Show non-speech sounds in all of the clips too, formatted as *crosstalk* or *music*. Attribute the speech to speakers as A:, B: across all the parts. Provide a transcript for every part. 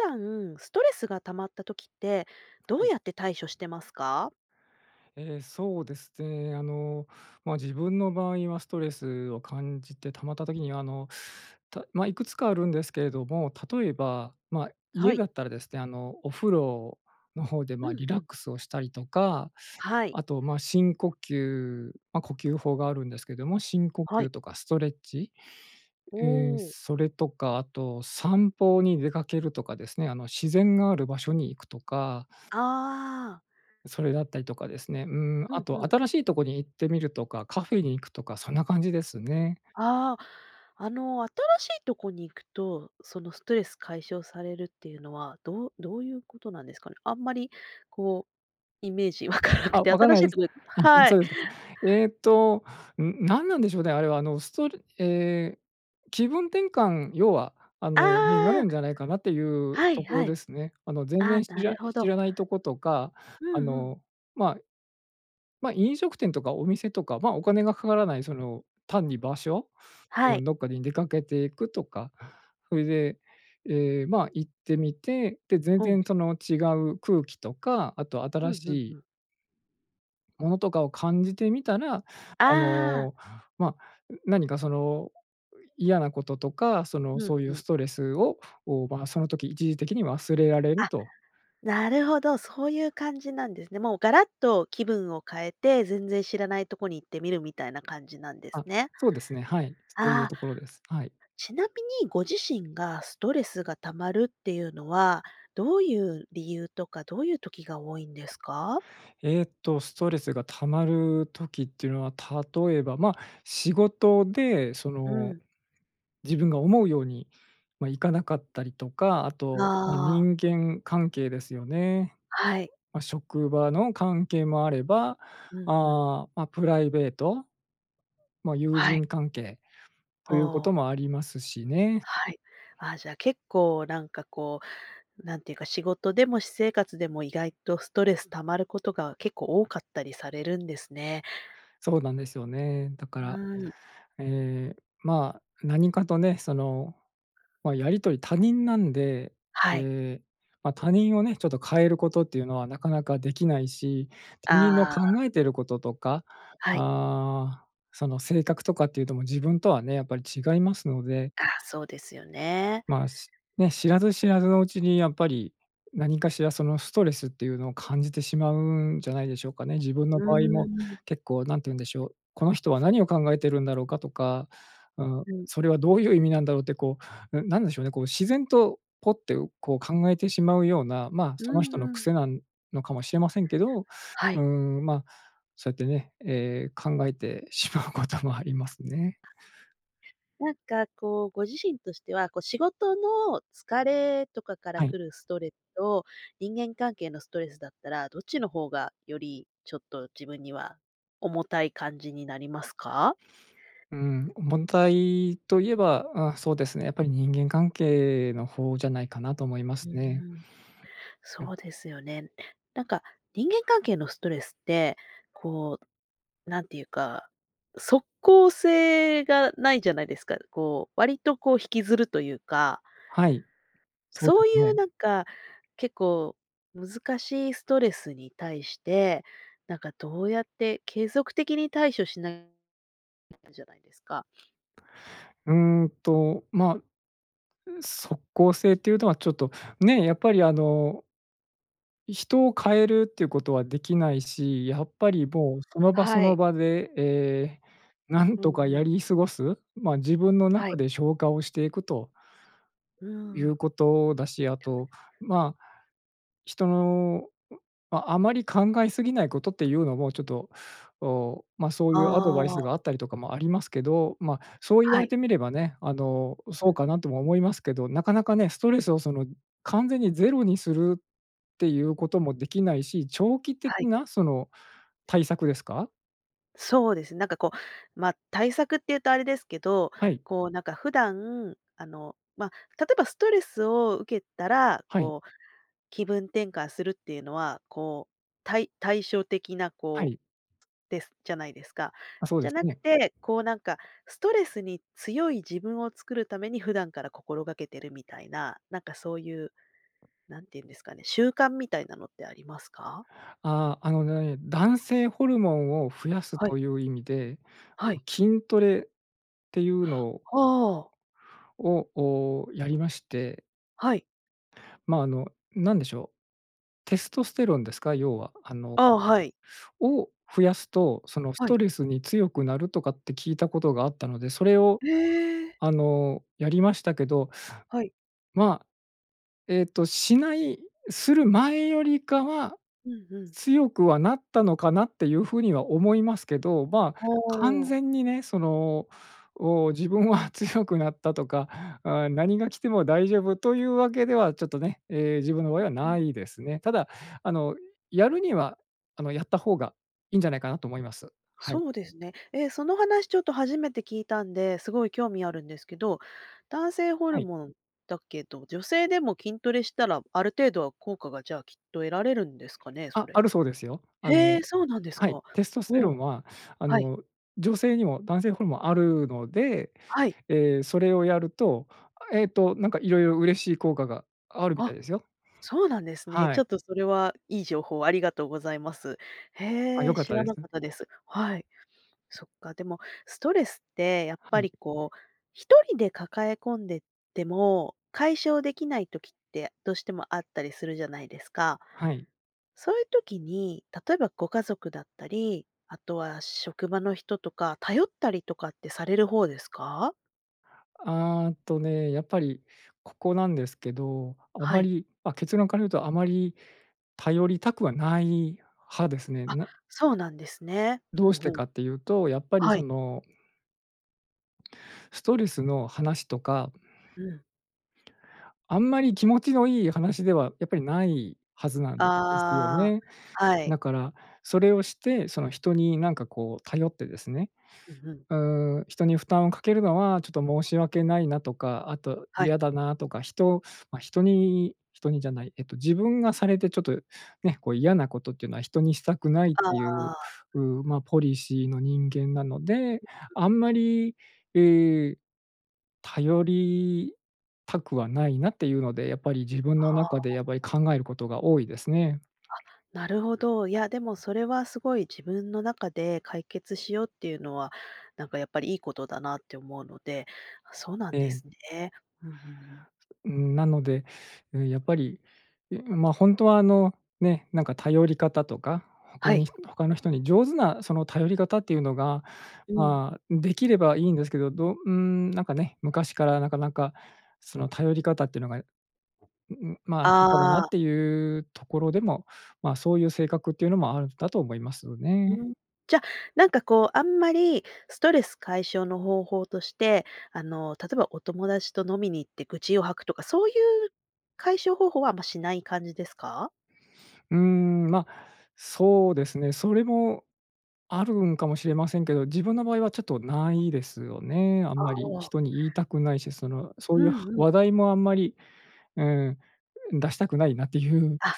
A: 普段ストレスが溜まった時ってどう
B: はい。
A: やって対処してますか？
B: ええ、そうですね。あの、ま、自分の場合はストレスを感じて溜まった時に、あの、たま、いくつかあるんですけれども、例えば、ま、
A: は
B: 家
A: い。
B: だったらですね、あの、お風呂の方で、
A: う
B: ま、
A: ん
B: リ
A: う
B: ラッ
A: ん。
B: クスをしたりとか、
A: はい。
B: あと、ま、深呼吸ま、呼吸法があるんですけども、深呼
A: はい。
B: 吸とかストレッチ、
A: お
B: え、
A: お。
B: それとか、あと、散歩に出かけるとかですね、あの、自然がある場所に行くとか。
A: ああ。
B: それだったりとかですね、うーん、
A: う
B: あ
A: んう
B: と
A: ん。
B: 新しいとこに行ってみるとか、カフェに行くとか、そんな感じですね。
A: ああ。あの、新しいとこに行くと、その、ストレス解消されるっていうのは、どうどういうことなんですかね。あんまり、こう、イメージわかなく
B: あ、
A: て。
B: わかん
A: 新
B: な
A: し
B: いで
A: い
B: す？
A: とこで
B: うんうん、
A: は
B: そ
A: い。
B: うですか。えっと、うん、なんなんでしょう、で、あれは、あの、すとるええ、気分転換要は、あの、
A: あ
B: になる
A: あ。
B: んじゃないかなっていう
A: はい
B: ところ
A: はい。
B: ですね。あの、全
A: ああ、
B: 然知
A: な
B: ら
A: るほ
B: 知
A: ど。
B: らないとことか、
A: う
B: あ
A: んうん。
B: の、ま、ま、飲食店とかお店とか、ま、お金がかからない、その、単に場所、
A: は
B: う
A: い。
B: ん、どっかに出かけていくとか。それで、え、ま、行ってみて、で、全
A: ほう。
B: 然その違う空気とか、あと
A: う
B: 新
A: ん、
B: し
A: ふん、
B: い
A: ふ。
B: ものとかを感じてみたら、あ
A: ああ。
B: の、ま、う何かその嫌なこととか、その、
A: うん、
B: そうい
A: う
B: う
A: ん。
B: ストレスをを、まあ、その時、一時的に忘れられる
A: あ、
B: と。
A: なるほど、そういう感じなんですね。もうガラッと気分を変えて、全然知らないとこに行ってみる、みたいな感じなんです
B: あ、
A: ね。
B: そうですね。はい、そうい
A: あ
B: う
A: あ。
B: ところです。はい。
A: ちなみに、ご自身がストレスが溜まるっていうのは、どういう理由とか、どういう時が多いんですか？
B: えっと、ストレスが溜まる時っていうのは、例えば、ま、仕事でそ
A: う
B: の、
A: ん。
B: 自分が思うように、ま、いかなかったりとか。あと、ま、
A: ああ。
B: 人間関係ですよね。
A: はい。
B: あ、職場の関係もあれば、
A: うん、うん。
B: ああ、ま、プライベート。ま、友
A: はい。
B: 人関係というこ
A: あ
B: と
A: あ。
B: も、ありますしね。
A: はい。ああ、じゃあ、結構なんかこう、なんていうか、仕事でも私生活でも、意外とストレス溜まることが、結構多かったりされるんですね。
B: そうなんですよね。だから、
A: うん。
B: ええ、まあ、何かとね、その、ま、やり取り、他人なんで。
A: はい。
B: ええ、ま、他人をね、ちょっと変えることっていうのは、なかなかできないし。他人の
A: あ
B: 考
A: あ。
B: えてることとか、
A: はい。
B: ああ、その性格とかっていうと、もう自分とはね、やっぱり違いますので。
A: あ、そうですよね。
B: まあ、しね、知らず知らずのうちに、やっぱり何かしらその、ストレスっていうのを、感じてしまうんじゃないでしょうかね。自分
A: う
B: の場合
A: ー
B: も、
A: ん。
B: 結構何て言うんでしょう、この人は何を考えてるんだろうか、とか、うん、
A: うん。
B: それはどういう意味なんだろう、ってこう、うん、なんでしょうね、こう自然と、ポッて、う、こう、考えてしまうような。まあ、
A: う
B: その人の
A: んうん。
B: 癖なんのかもしれませんけど、う
A: は
B: ー
A: い。
B: ん、ま、そうやってね、ええ、考えてしまうこともありますね。
A: あ。なんかこう、ご自身としては、こう仕事の疲れとかから
B: はい。
A: 来るストレスと、人間関係のストレスだったら、どっちの方がより、ちょっと自分には、重たい感じになりますか？
B: うーん、重たいと言えば、ああそうですね。やっぱり、人間関係の方じゃないかな、と思いま
A: う
B: す
A: んう
B: ね。
A: ん。
B: うん。
A: そうですよね。なんか人間関係のストレスって、こう、なんていうか、即効性がないじゃないですか？こう割とこう、引きずるというか。
B: はい。そう
A: そうい
B: で
A: う
B: ね。
A: なんか、結構難しいストレスに対して、なんかどうやって、継続的に対処しないんじゃないですか。
B: うんと、まあ、う、即効性というのは、ちょっとね、やっぱりあの人を変えるっていうことはできないし、やっぱりぼう、その場そ
A: は
B: の
A: い。
B: 場で、ええ、何
A: うん
B: とか
A: う
B: や
A: ん。
B: り過ごす、まあ、自分の
A: は
B: 中
A: い。
B: で消化をしていくと
A: う
B: いう
A: ん。
B: ことだし、あと、まあ、人の、うああまり考えすぎないことっていうのも、ちょっと、おお、まあ、そう
A: あ
B: いうアドバイス
A: あ。
B: があったりとかも、ありますけど。ま、そう言わ
A: は
B: れ
A: い。
B: てみればね、あの、
A: うん、
B: そ
A: う
B: うか
A: ん。
B: なとも思いますけど。なかなかね、ストレスをその、完全にゼロにするっていうこともできないし、長期
A: は
B: 的
A: い。
B: なその、対策ですか？
A: そうです、なんかこう、ま、対策っていうとあれですけど、
B: はい。
A: こうなんか普段、あの、ま、例えばストレスを受けたら、
B: はい。
A: こう気分転換するっていうのは、こう対対処的な
B: は
A: こ
B: い。
A: うですじゃないですか。
B: ま、そう
A: じ
B: で
A: ゃ
B: す
A: なく
B: ね。
A: て、こうなんかストレスに強い自分を作るために普段から心がけてるみたいな、なんかそういう、なんていうんですかね、習慣みたいなのってありますか？
B: ああ、あのね、男性ホルモンを増やす
A: はい。
B: という意味で、あ
A: はい。
B: の筋トレっていうの
A: はあ。
B: ををやりまして。
A: はい。
B: ま、あの何でしょう、テストステロンですか、要は、あの
A: ああ、はい。
B: を増やすと、そのス
A: は
B: ト
A: い。
B: レスに強くなるとかって聞いたことがあったので、それを
A: へえ。
B: あの、やりましたけど
A: はい。
B: まあ、えっと、しないする前よりかは
A: うんうん。
B: 強くはなったのかなっていうふうには思いますけど、まあ、
A: ほ
B: 完
A: お。
B: 全にね、その、お自分は強くなったとか、あ、何が来ても大丈夫というわけではちょっとね、ええ、自分の場
A: ん
B: 合は
A: ん、う
B: な
A: ん。
B: いですね。ただ、あのやるには、あの、やった方がいいんじゃないかなと思います。はい。
A: そうですね。え、その話ちょっと初めて聞いたんで、すごい興味あるんですけど、男性ホル
B: はい。
A: モンだけど、女性でも筋トレしたらある程度は効果がじゃあきっと得られるんですかね、そ
B: あ、
A: れ。
B: あるそうですよ。あ
A: へ
B: の
A: え、そうなんです
B: はい、
A: か。
B: テストステ
A: ほ
B: ロン
A: お。
B: はあ
A: はい。
B: の女性にも男性ホルモンあるので、
A: はい。
B: ええ、それをやると、あ、えっと、なんかいろいろ嬉しい効果があるみたい
A: あ、
B: ですよ。
A: そうなんですね。
B: は
A: ちょ
B: い。
A: っとそれはいい情報ありがとうございます。
B: あ、
A: へ
B: 良
A: え、
B: かっ
A: 知
B: た
A: ら
B: で
A: な
B: す。
A: か
B: ん。
A: ったです。はい。そっか、でもストレスってやっ
B: は
A: ぱ
B: い。
A: りこう一人で抱え込んでても解消できない時ってどうしてもあったりするじゃないですか。
B: はい。
A: そういう時に、例えばご家族だったり、あとは職場の人とか頼ったりとかってされる方ですか？
B: あとね、やっぱりここなんですけど、あ
A: は
B: ま
A: い。
B: り、あ、結論から言うとあまり頼りたくはない派ですね。
A: あ、
B: な
A: そうなんですね。ふ
B: どうし
A: んふ
B: て
A: ん。
B: かっていうと、やっぱり
A: は
B: そ
A: い。
B: のストレスの話とか
A: うん。
B: あんまり気持ちのいい話では、やっぱりないはずなんですよ
A: あ
B: ね。
A: あ、はい。
B: なから、それをして、その人になんかこう頼ってですね。
A: う、ふん。
B: うーん、人に負担をかけるのはちょっと申し訳ないなとか、あと
A: はい。
B: 嫌だなとか、人ま、人に人にじゃない、えっと自分がされてちょっとね、こう嫌なことっていうのは人にしたくないっ
A: あ
B: ていう、
A: あ。
B: うう、ま、ポリシーの人間なので、
A: *unintelligible*
B: あんまり、う、頼りたくはないなっていうので、やっぱり自分の
A: は
B: 中で
A: あ。
B: やっぱり考えることが多いですね。
A: あ、なるほど。いや、でもそれはすごい自分の中で解決しようっていうのは、なんかやっぱりいいことだなって思うので、そうなん
B: え
A: で
B: え。
A: すね。うんうんうん。
B: うーん、なので、うん、やっぱり、いま、ほんとはあの、ね、なんか頼り方とか、他
A: はい。
B: に、他の人に上手なその頼り方っていうのが、
A: うん。
B: まあ、できればいいんですけど、どうーん、なんかね、昔からなかなかその頼り方っていうのが、うう、まあ、下手だなっ
A: ああ。
B: ていうところでも、まあ、そういう性格っていうのもあるんだと思いますよ
A: ふー
B: ね。
A: ん、じゃ、なんかこう、あんまりストレス解消の方法として、あの、例えばお友達と飲みに行って愚痴を吐くとか、そういう解消方法はあんましない感じですか？
B: うーん、ま、そうですね。それもあるんかもしれませんけど、自分の場合はちょっとないですよね。あん
A: あ
B: まり
A: あ。
B: 人に言いたくないし、その、そ
A: う
B: ういう
A: んうん。
B: 話題もあんまり、うん、出したくないなっていう。
A: あ、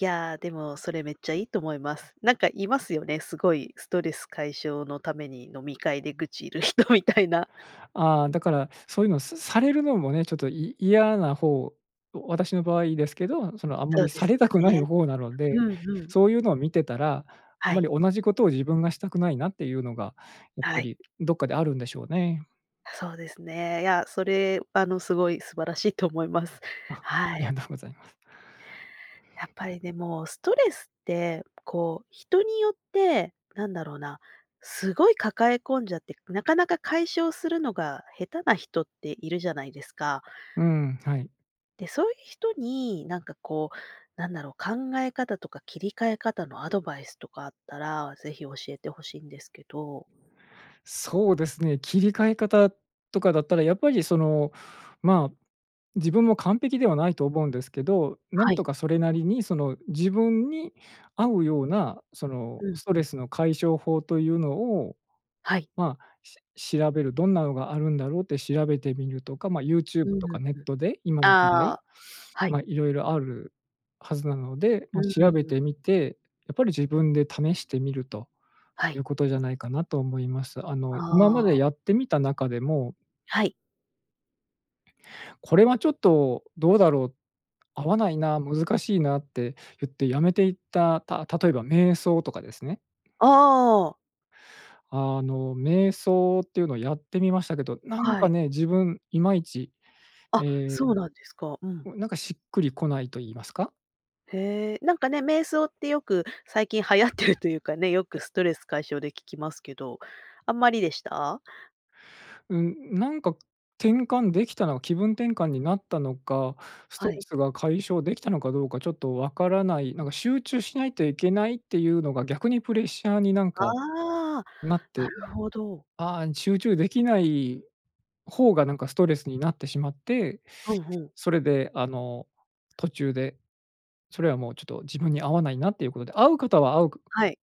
A: いや、でもそれめっちゃいいと思います。なんかいますよね、すごいストレス解消のために飲み会で愚痴る人みたいな。
B: ああ、だから、そういうのすされるのもね、ちょっとい嫌な方、お私の場合ですけど、そのあんま
A: そう
B: り
A: で
B: さ
A: す
B: れたく
A: よ
B: ない
A: ね。
B: 方なので、
A: うん、ふん。
B: そういうのを見てたら、あん
A: は
B: ま
A: い。
B: り同じことを自分がしたくないなっていうのが、やっ
A: は
B: ぱ
A: い。
B: りどっかであるんでしょうね。
A: あ、そうですね。いや、それ、あの、すごい素晴らしいと思います。
B: あ、あ
A: は
B: りが
A: い。
B: とうございます。
A: やっぱりでも、ストレスってこう、人によって、何だろうな、すごい抱え込んじゃって、なかなか解消するのが、下手な人っているじゃないですか？
B: うん、はい。
A: で、そういう人に、なんかこう、なんだろう、考え方とか切り替え方の、アドバイスとかあったら、ぜひ教えて欲しいんですけど。
B: そうですね。切り替え方とかだったら、やっぱりその、まあ、自分も完璧ではないと思うんですけど。な
A: は
B: ん
A: い。
B: とかそれなりに、その自分に合うような、その
A: うん、
B: スト
A: う
B: レ
A: ん。
B: スの解消法というのを、
A: はい。
B: まあ、し調べる。どんなのがあるんだろ、って調べてみるとか、まあ、YouTube
A: うんう
B: と
A: んう
B: か、
A: ん。
B: ネットで今の時
A: あ
B: 代、
A: あ、はい。
B: ま、色々あるはずなので。
A: う
B: ま、
A: んう
B: 調べ
A: んうん。
B: てみて、やっぱり自分で試してみると
A: は
B: い
A: い。
B: うことじゃないかなと思います。あの、今ま
A: あ
B: で
A: あ。
B: やってみた中でも
A: はい。
B: これはちょっとどうだろう、合わないな、難しいなって言ってやめていった、た例えば瞑想とかですね。
A: ああ。
B: あの、瞑想っていうのをやってみましたけど、なん
A: は
B: か
A: い。
B: ね、自分いまいち、
A: あ、
B: ええ、
A: そうなんですか、うん。
B: う、なんかしっくりこないと言いますか。
A: へえ。なんかね、瞑想ってよく、最近流行ってるというかね、よく
B: え。
A: ストレス解消で聞きますけど、あんまりでした？
B: うん。なんか、転換できたのは気分転換になったのか、スト
A: は
B: レ
A: い。
B: スが解消できたのかどうか、ちょっとわからない。なんか、集中しないといけないっていうのが逆にプレッシャーに、なんか、
A: ああ、
B: なっ
A: な
B: て。
A: るほど。
B: ああ、ん、集中できない方が、なんかストレスになってしまって。
A: ふんふん。
B: それで、あの、途中で、それはもう、ちょっと、自分に合わないなっていうことで。合う方は合うん
A: はい。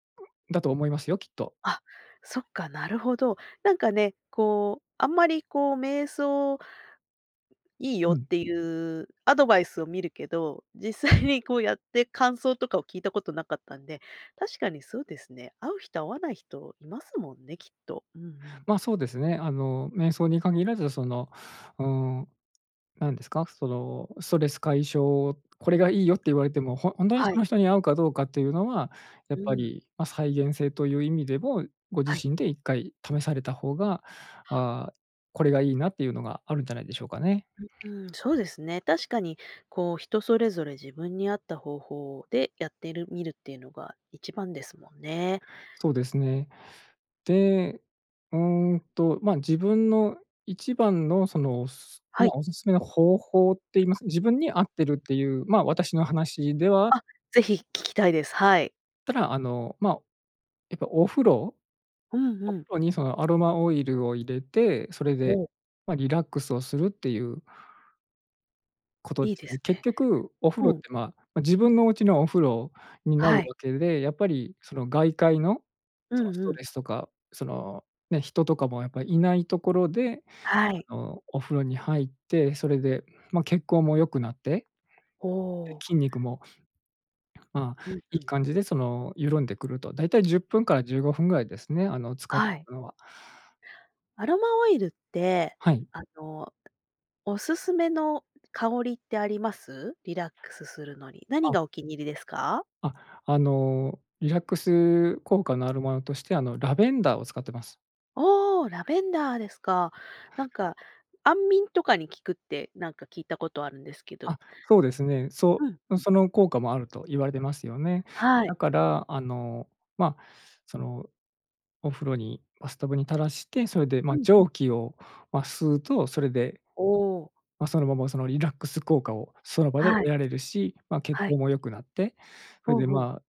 B: だと思いますよ、きっと。
A: あ、そっか、なるほど。なんかね、こう、あんまり、こう、瞑想いいよ
B: う
A: っ
B: ん。
A: ていうアドバイスを見るけど、実際にこうやって、感想とかを聞いたことなかったんで。確かにそうですね。合う人合わない人、いますもんね、きっと。うんうん。
B: ま、そうですね。あの、瞑想に限らず、その、うーん、なんですか、その、ストレス解消、これがいいよって言われても、ほほんとに
A: は
B: そ
A: い。
B: の人に合うかどうかっていうのは、や
A: う
B: っぱ
A: ーん。
B: り、ま、再現性という意味でも、ご
A: は
B: 自
A: い。
B: 身で1回試された方が、ああ、これがいいなっていうのが、あるんじゃないでしょうかね。
A: ううーん、そうですね。確かに、こう、人それぞれ自分に合った方法でやってるみるっていうのが一番ですもんね。
B: そうですね。で、うーんと、ま、自分の一番の、その、す
A: は
B: ま、
A: い。
B: お勧め方法って言います自分に合ってるっていう、ま、私の話では
A: あ、ぜひ聞きたいです。はい。
B: ただ、あの、まあ、やっぱお風呂。
A: うん
B: お
A: う
B: 風
A: ん。
B: 呂にその、アロマオイルを入れて、それで、
A: おお。
B: ま、リラックスをするっていうこと
A: い
B: で
A: い
B: す
A: で
B: ね。
A: す
B: 結
A: ね。
B: 局、お風呂っ
A: うん。
B: て、まあ、ま、自分のお家のお風呂にな
A: は
B: る
A: い。
B: わけで、やっぱりその、外界の
A: う
B: その
A: ん
B: ス
A: う
B: ト
A: ん。
B: レスとか、そのね、人とかもやっぱりいないところで、
A: はい。
B: あの、お風呂に入って、それで、ま、血行も良くなって。
A: お
B: で、
A: お。
B: 筋肉も、まあ、
A: うん
B: いい
A: うん。
B: 感じで、その、緩んでくると。だいたい10分から15分ぐらいですね。あの、浸かって
A: はい。
B: るのは。
A: アロマオイルって、
B: はい。
A: あの、おすすめの香りってあります？リラックスするのに。何
B: あ。
A: がお気に入りですか？
B: あ、あの、リラックス効果のあるものとして、あの、ラベンダーを使ってます。
A: おお、ラベンダーですか。なんか、安眠とかに効くって、なんか、聞いたことあるんですけど。
B: あ、そうですね。
A: う
B: そ
A: ん、う
B: の、
A: ん。
B: その効果もあると言われてますよね。
A: はい。
B: だから、あの、まあ、その、お風呂にバスタブに垂らして、それで、
A: う
B: ま、
A: んう
B: 蒸
A: ん。
B: 気を、ま、吸うと。それで
A: おお。
B: ま、そのまま、その、リラックス効果を、その場で
A: は
B: 得
A: い。
B: られるし。ま、血
A: はい。
B: 行も良くなって、
A: ふ
B: それ
A: ん
B: で、
A: ふん。
B: まあ、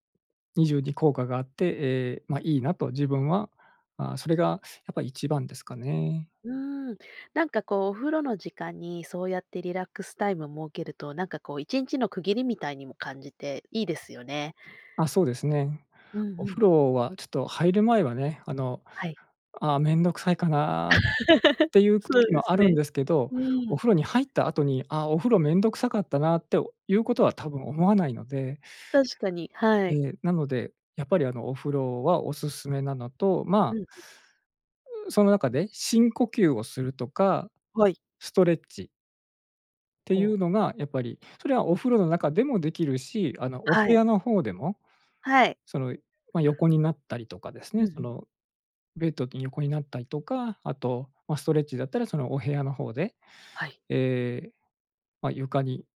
B: 二重に効果があって。ええ、ま、いいなと。自分は、あ、それがやっぱり一番ですかね。
A: うん。なんかこう、お風呂の時間に、そうやってリラックスタイムを設けると、なんかこう、1日の区切りみたいにも感じて、いいですよね。
B: あ、そうですね。
A: うん
B: お
A: う
B: 風
A: ん。
B: 呂はちょっと、入る前はね、あの
A: はい。
B: 「ああ、めんどくさいかな」っ
A: *chuckles*
B: ていう
A: そう
B: 時
A: で
B: もあ
A: す
B: るん
A: ね。
B: ですけど。
A: う
B: お
A: ん。
B: 風呂に入った後に「ああ、お風呂面倒くさかったな」っていうことは、多分思わないので。
A: 確かに、は
B: え
A: い。
B: え。なので、やっぱり、あの、お風呂はおすすめなのと、ま
A: う
B: あ
A: んうん。
B: う、その中で、深呼吸をするとか、
A: はい。
B: ストレッチ。て
A: ほ
B: い
A: う。
B: うのが、やっぱり、それはお風呂の中でもできるし、あの、お
A: は
B: 部
A: い。
B: 屋の方でも、
A: はい。
B: その、ま、横になったりとかです
A: うん
B: ね、
A: う
B: そ
A: ん。
B: の、ベッドに横になったりとか、あと、ま、ストレッチだったらそのお部屋の方で、
A: はい。
B: ええ、まあ、床に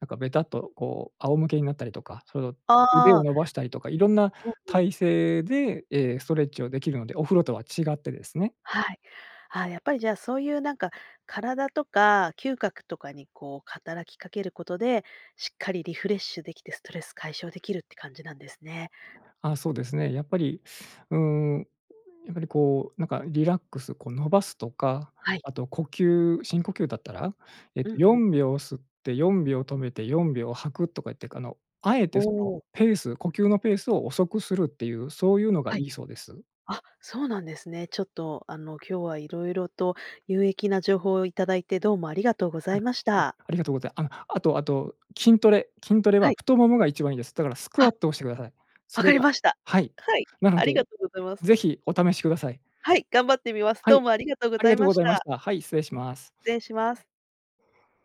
B: なんかべたっとこう仰向けになったりとか、その、腕
A: あ
B: を
A: あ。
B: 伸ばしたりとか、いろんな
A: うんうん。
B: 体勢で、ええ、ストレッチをできるので、お風呂とは違ってですね。
A: はい。ああ、やっぱりじゃあ、そういうなんか、体とか嗅覚とかにこう働きかけることで、しっかりリフレッシュできてストレス解消できるって感じなんですね。
B: ああ、そうですね。やっぱり、うん、やっぱりこう、なんかリラックス、こう伸ばすとか、
A: はい。
B: あと呼吸、深呼吸だったら、えっ
A: うん
B: と、
A: う
B: よ
A: ん。
B: んびょう吸って、4秒止めて、4秒吐くとかいってく、あの、あえ
A: お
B: てその
A: お。
B: ペース、呼吸のペースを遅くするっていう、そういうのが
A: は
B: い
A: い。
B: いそうです。
A: あ、そうなんですね。ちょっとあの、今日は色々と有益な情報をいただいて、どうもありがとうござ
B: はい、
A: いまし
B: あ、
A: た。
B: ありがとうございあの、あとあと筋トレ筋トレ
A: は
B: は
A: い。
B: 太ももが一番いいです。だからスク
A: あ。
B: ワットをしてください。そ
A: 分か
B: れ
A: り
B: が
A: ました。
B: はい。
A: はい、
B: なの
A: あり
B: で
A: がとうございます。
B: ぜひお試しください。
A: はい、頑張ってみます。
B: は
A: どう
B: い、
A: もありがとうご
B: あり
A: ざ
B: が
A: い
B: とう
A: ま
B: ご
A: し
B: ざいまし
A: た。
B: た。はい、失礼します。
A: ぜんします。